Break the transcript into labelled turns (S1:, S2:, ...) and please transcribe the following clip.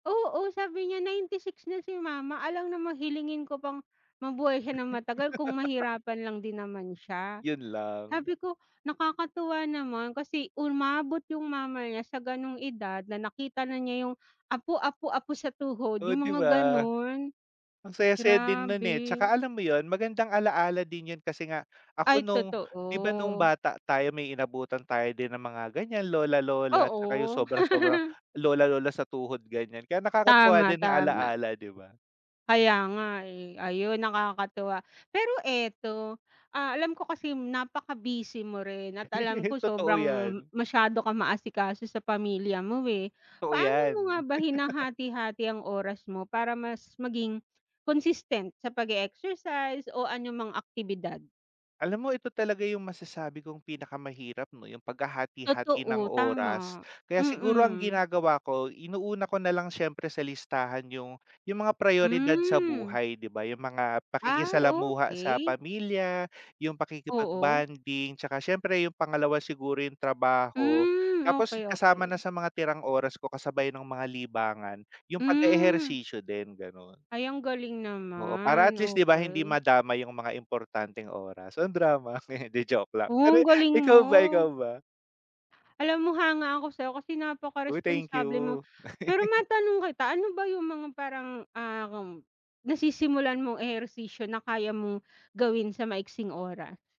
S1: Oo, sabi niya, "96 na si mama, alangan namang hilingin ko pang mabuhay siya nang matagal, kung mahirapan lang din naman siya".
S2: 'Yon lang.
S1: Sabi ko, nakakatuwa naman kasi umabot yung mama niya, sa gano'ng edad, na nakita na niya yung apo, apo, apo sa tuhod,
S2: Oh,
S1: yung
S2: 'di
S1: mga
S2: ba?
S1: gano'n.
S2: Ang saya-saya din no'n eh,
S1: Grabe.
S2: tsaka, alam mo 'yon, magandang ala-ala din 'yon kasi nga, ako
S1: Ay,
S2: no'ng 'di ba, no'ng
S1: totoo.
S2: bata tayo, may inabutan tayo din na mga ganyan, lola-lola, tsaka yung
S1: Oo.
S2: sobra-sobrang lola-lola sa tuhod ganyan, kaya nakakatuwa
S1: Tama,
S2: din ang
S1: tama.
S2: ala-ala, 'di ba?
S1: Kaya nga eh, ayun nakakatuwa. Pero eto, ah, alam ko kasi napaka-busy mo rin at alam ko
S2: Totoo
S1: sobrang,
S2: yan.
S1: masyado kang ma-asikaso sa pamilya mo eh.
S2: Totoo
S1: Paano mo nga
S2: yan.
S1: ba hinahati-hati ang oras mo para mas maging, consistent sa pag-e-exercise o anumang aktibidad?
S2: Alam mo, ito talaga yung masasabi kong pinakamahirap 'no, yung paghahati-hati ng
S1: Totoo,
S2: oras.
S1: tama,
S2: Kaya siguro ang
S1: mm.
S2: ginagawa ko, inuuna ko na lang siyempre sa listahan yung yung mga prayoridad sa
S1: Hmm.
S2: buhay 'di ba, yung mga
S1: Ay,
S2: pakikisalamuha sa
S1: okey.
S2: pamilya, yung
S1: Oo.
S2: pakikipag-bonding, tsaka siyempre, yung pangalawa siguro, yung trabaho.
S1: Hmm,
S2: Tapos
S1: okey,
S2: kasama na
S1: okey.
S2: sa mga tirang oras ko, kasabay no'ng mga libangan, yung
S1: Hmm.
S2: pag-e-ehersisyo din, gano'n.
S1: Ay, ang galing
S2: Oo, para, at
S1: naman,
S2: least, 'di ba, hindi
S1: okey.
S2: madamay yung mga importanteng oras. O, ang drama, 'di joke lang,
S1: Oh,
S2: pero
S1: ang galing mo.
S2: ikaw ba, ikaw ba?
S1: Alam mo, hanga ako sa'yo kasi
S2: Hoy! Thank
S1: napakaresponsable mo.
S2: you.
S1: Pero matanong kita, ano ba yung mga parang, um, nasisimulan mong ehersisyo, na kaya mong gawin sa maiksing oras?